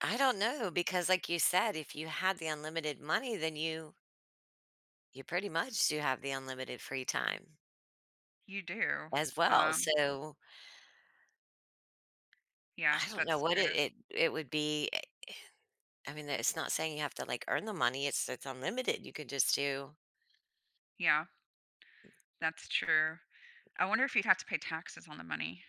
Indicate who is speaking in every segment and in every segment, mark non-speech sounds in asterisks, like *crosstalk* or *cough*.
Speaker 1: I don't know because like you said, if you had the unlimited money, then you you pretty much do have the unlimited free time
Speaker 2: You do,
Speaker 1: as well,
Speaker 2: um
Speaker 1: so
Speaker 2: Yeah,
Speaker 1: I don't know
Speaker 2: that's
Speaker 1: what
Speaker 2: true.
Speaker 1: it it it would be eh *sighs* I mean, that it's not saying you have to, like, earn the money, it's it's unlimited you could just do
Speaker 2: Yeah. That's true. I wonder if you'd have to pay taxes on the money.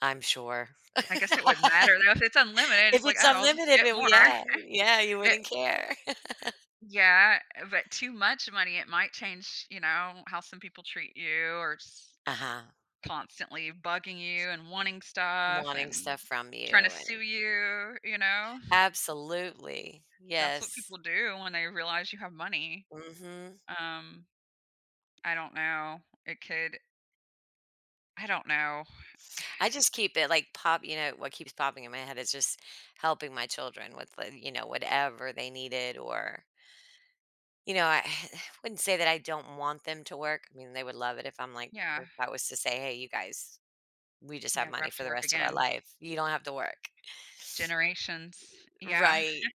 Speaker 1: I'm sure.
Speaker 2: I
Speaker 1: *laughs*
Speaker 2: guess it wouldn't matter though, if it's unlimited,
Speaker 1: If
Speaker 2: it's like,
Speaker 1: it's
Speaker 2: "Oh, I'll just
Speaker 1: unlimited,
Speaker 2: get
Speaker 1: then, well,
Speaker 2: more."
Speaker 1: yeah, yeah,
Speaker 2: *chuckles*
Speaker 1: you
Speaker 2: It
Speaker 1: wouldn't care. *laughs*
Speaker 2: Yeah, eh, but too much money, it might change, you know, how some people treat you or just
Speaker 1: Uh-huh.
Speaker 2: constantly bugging you and wanting stuff
Speaker 1: Wanting
Speaker 2: and
Speaker 1: stuff from you
Speaker 2: tryna
Speaker 1: and
Speaker 2: sue you, you know.
Speaker 1: Absolutely,
Speaker 2: That's what
Speaker 1: yes.
Speaker 2: people do when they realize you have money.
Speaker 1: Mhm.
Speaker 2: Um, I don't know. It could I don't know. *sighs*
Speaker 1: I just keep it like pop you know, what keeps popping in my head is just helping my children with like, you know, whatever they needed or You know, *sighs* I wouldn't say that I don't want them to work. I mean, they would love it if I'm like,
Speaker 2: Yeah.
Speaker 1: er if I was to say, "Hey, you guys, we just have
Speaker 2: Never
Speaker 1: money
Speaker 2: have
Speaker 1: for
Speaker 2: to
Speaker 1: the
Speaker 2: work
Speaker 1: rest of our
Speaker 2: again.
Speaker 1: life, you don't have to work."
Speaker 2: Generations, yeah.
Speaker 1: Right,
Speaker 2: *chuckles*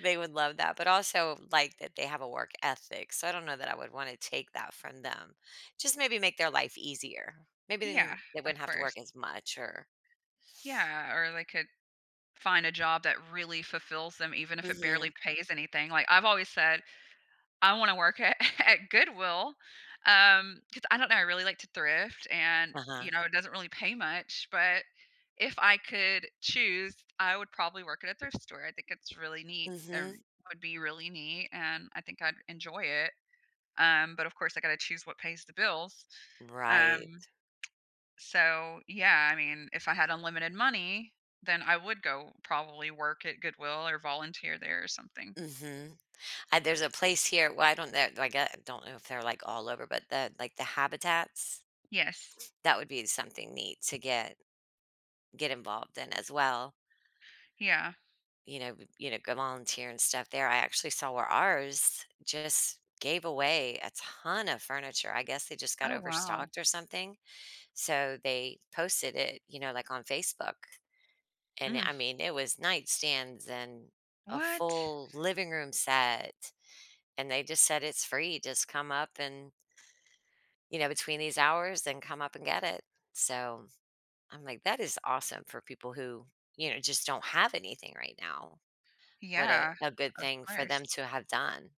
Speaker 1: they would love that but also like that they have a work ethic, so I don't know that I would wanna take that from them, just maybe make their life easier, maybe then
Speaker 2: Yeah,
Speaker 1: they
Speaker 2: of
Speaker 1: wouldn't have to
Speaker 2: course.
Speaker 1: work as much or
Speaker 2: Yeah, or they could find a job that really fulfills them even if it barely
Speaker 1: Mhm.
Speaker 2: pays anything, like I've always said, I wanna work at at Goodwill, um, 'cause I don't know, I really like to thrift and, you
Speaker 1: Uh-huh.
Speaker 2: know, it doesn't really pay much, but if I could choose, I would probably work at a thrift store. I think it's really neat
Speaker 1: Mhm.
Speaker 2: and would be really neat, and I think I'd enjoy it. Um, but of course, I've gotta choose what pays the bills.
Speaker 1: Right.
Speaker 2: Um. *tsk* So yeah, I mean, if I had unlimited money, then I would go probably work at Goodwill or volunteer there or something.
Speaker 1: Mhm. Uh, there's a place here, well I don't know I get I don't know if they're like all over, but the, like the Habitats.
Speaker 2: Yes.
Speaker 1: That would be something neat to get get involved in as well.
Speaker 2: Yeah.
Speaker 1: You know, v you know, go volunteer and stuff there I actually saw where ours just gave away a ton of furniture. I guess they just got
Speaker 2: Oh wow.
Speaker 1: overstocked or something, so they posted it, you know, like on Facebook, and, eh,
Speaker 2: Mm.
Speaker 1: I mean it was nightstands and a
Speaker 2: What?
Speaker 1: full living room set, and they just said "It's free, just come up and" You know, between these hours and come up and get it. So, I'm like, "That is awesome for people who, you know, just don't have anything right now. What a
Speaker 2: Yeah,
Speaker 1: a good
Speaker 2: of
Speaker 1: thing for
Speaker 2: course.
Speaker 1: them to have done."